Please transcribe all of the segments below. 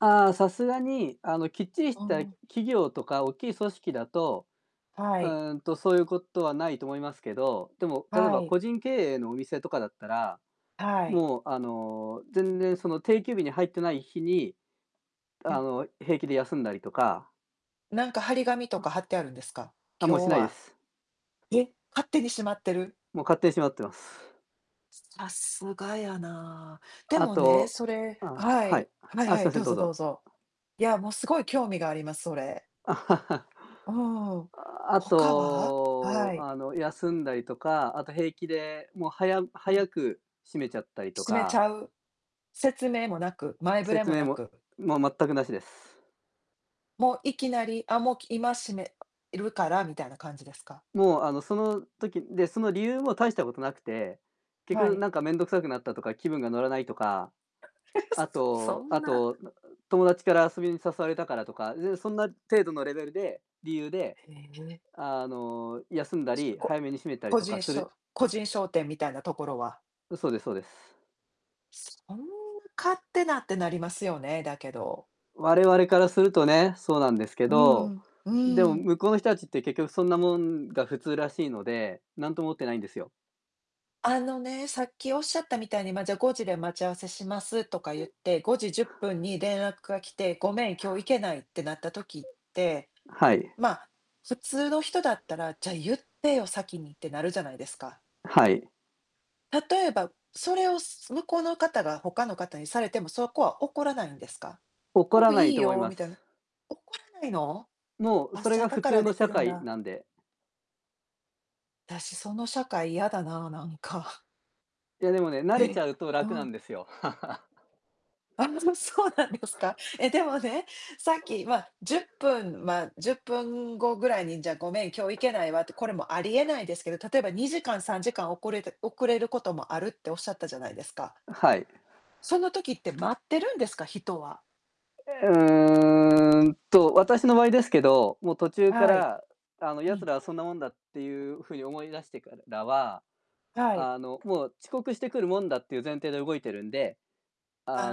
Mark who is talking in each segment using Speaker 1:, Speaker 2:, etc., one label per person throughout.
Speaker 1: ああ、さすがに、あの、きっちりし
Speaker 2: あ
Speaker 1: た
Speaker 2: あ。
Speaker 1: 企業とか大きい組織だと、
Speaker 2: は
Speaker 1: う
Speaker 2: い。
Speaker 1: ーん、と、そうゆうことはないと思いますけど。でも、例え
Speaker 2: は
Speaker 1: ば、
Speaker 2: い。
Speaker 1: 個人経営のお店とかだったら、
Speaker 2: はい。
Speaker 1: もう、あの、全然、その、定休日に入ってない日に、
Speaker 2: う
Speaker 1: あ
Speaker 2: ん。
Speaker 1: の、平気で休んだりとか
Speaker 2: なんか貼り紙とか、
Speaker 1: あ。
Speaker 2: 貼ってあるんですか。
Speaker 1: あ、もう
Speaker 2: 今
Speaker 1: し
Speaker 2: 日
Speaker 1: ないで
Speaker 2: は
Speaker 1: す。
Speaker 2: え、勝手にしまってる？
Speaker 1: もう、勝手に閉まってます。
Speaker 2: さすがやな。で
Speaker 1: あ
Speaker 2: もね、
Speaker 1: と、
Speaker 2: それ
Speaker 1: あ
Speaker 2: は
Speaker 1: は
Speaker 2: い。
Speaker 1: い。
Speaker 2: はい
Speaker 1: あ、
Speaker 2: は
Speaker 1: すい
Speaker 2: い、
Speaker 1: ませ
Speaker 2: ど
Speaker 1: ん、
Speaker 2: う
Speaker 1: どう
Speaker 2: ぞどう
Speaker 1: ぞ。
Speaker 2: ぞ。いや、もう、すごい興味があります、それ。ああ、
Speaker 1: ああ、あ
Speaker 2: 他は？は
Speaker 1: と、
Speaker 2: い。
Speaker 1: あの、休んだりとか、あと、平気で、もう、はや
Speaker 2: うん。
Speaker 1: 早く閉めちゃったりと
Speaker 2: 閉めち
Speaker 1: か
Speaker 2: ゃう。説明もなく、前触れ
Speaker 1: 説
Speaker 2: も
Speaker 1: 明
Speaker 2: な
Speaker 1: も、
Speaker 2: く。
Speaker 1: もう全くなしです。
Speaker 2: もう、いきなり、あ、もう、き今閉めるからみたいな感じですか？
Speaker 1: もう、あの、その時で、その理由も大したことなくて。結
Speaker 2: は
Speaker 1: 局、
Speaker 2: い。
Speaker 1: なんか面倒くさくなったとか、気分が乗らないとか、
Speaker 2: え、う
Speaker 1: あ
Speaker 2: そ、そ
Speaker 1: と
Speaker 2: ん
Speaker 1: あ
Speaker 2: な
Speaker 1: と、なん友達から遊びに誘われたからとか、全然そんな程度のレベルで理由で、
Speaker 2: へえ。
Speaker 1: あの、休んだ
Speaker 2: つ、
Speaker 1: り
Speaker 2: こ
Speaker 1: 早めに閉めたり
Speaker 2: 個
Speaker 1: とか
Speaker 2: 人
Speaker 1: す
Speaker 2: 商
Speaker 1: る
Speaker 2: 個人商店みたいなところは
Speaker 1: う、そうですそうです。
Speaker 2: そんな勝手なって、なりますよね、だけど。
Speaker 1: 我々からするとね、そうなんですけ
Speaker 2: うんう
Speaker 1: ど。
Speaker 2: ん、う
Speaker 1: でも
Speaker 2: ーん。
Speaker 1: 向こうの人たちって、結局そんなもんが普通らしいので、なんとも思ってないんですよ。
Speaker 2: あのね、さっきおっしゃったみたいに、ま、じゃ、5時で待ち合わせしますとか
Speaker 1: う
Speaker 2: 言っ
Speaker 1: ん。
Speaker 2: て、5:10に連絡が来て、「ごめん、今日行けない」ってなった時って、
Speaker 1: はい。
Speaker 2: まあ、普通の人だったら、「じゃ、言ってよ、先に」ってなるじゃないですか。
Speaker 1: はい。
Speaker 2: 例えば、それを、す向こうの方が他の方にされても、そこは怒らないんですか。
Speaker 1: 怒
Speaker 2: 「お、
Speaker 1: らない
Speaker 2: いい
Speaker 1: と思い
Speaker 2: よ」
Speaker 1: ま
Speaker 2: みたいな。
Speaker 1: す。
Speaker 2: 怒らないの？
Speaker 1: もう、う
Speaker 2: あ、
Speaker 1: それ
Speaker 2: じゃ、
Speaker 1: が
Speaker 2: だ
Speaker 1: 普
Speaker 2: から
Speaker 1: 通の
Speaker 2: でき
Speaker 1: 社
Speaker 2: るん
Speaker 1: 会
Speaker 2: だ。
Speaker 1: なんで。
Speaker 2: あたし、その社会やだな、なんか。
Speaker 1: いや、でもね、慣れち
Speaker 2: え？
Speaker 1: ゃうと
Speaker 2: あ
Speaker 1: 楽な
Speaker 2: あ。
Speaker 1: んですよ。
Speaker 2: ああ、そそうなんですか。え、でもね、さっき、まあ、10分、まあ、10分後ぐらいに、じゃ、「ごめん、今日行けないわ」って、これもありえないですけど、例えば、2時間、3時間おこれて遅れることもあるっておっしゃったじゃないですか
Speaker 1: ん、はい。
Speaker 2: その時って、待ってるんですか、人は。
Speaker 1: え、うーん、と、私の場合ですけど、もう途中か
Speaker 2: はい。
Speaker 1: ら、あの、
Speaker 2: う
Speaker 1: 奴
Speaker 2: ん。
Speaker 1: らはそんなもんだ、ってゆうふうに思い出してからは、
Speaker 2: はい。
Speaker 1: あの、もう遅刻してくるもんだっていう前提で動いてるんで。
Speaker 2: あ、あ
Speaker 1: あ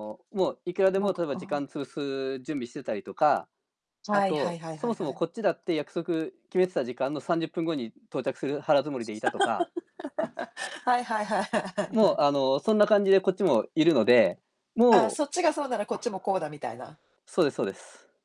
Speaker 2: あ、あ。
Speaker 1: もういくらで
Speaker 2: も
Speaker 1: も、
Speaker 2: く
Speaker 1: 例えば時
Speaker 2: あ
Speaker 1: 間
Speaker 2: あ。
Speaker 1: 潰す準備してたりとか、あ
Speaker 2: はいはい
Speaker 1: と、
Speaker 2: はい
Speaker 1: そ
Speaker 2: はい
Speaker 1: もそ
Speaker 2: は
Speaker 1: も、
Speaker 2: い。
Speaker 1: こっちだって約束決めてた時間の30分後に到着する腹づもりでいたとか
Speaker 2: はいはいはいはいはいは
Speaker 1: もう、
Speaker 2: い。
Speaker 1: あの、そんな感じでこっちもいるので。
Speaker 2: ああ、
Speaker 1: もう
Speaker 2: そっちがそうなら、こっちもこうだみたいな。
Speaker 1: そうですそうです。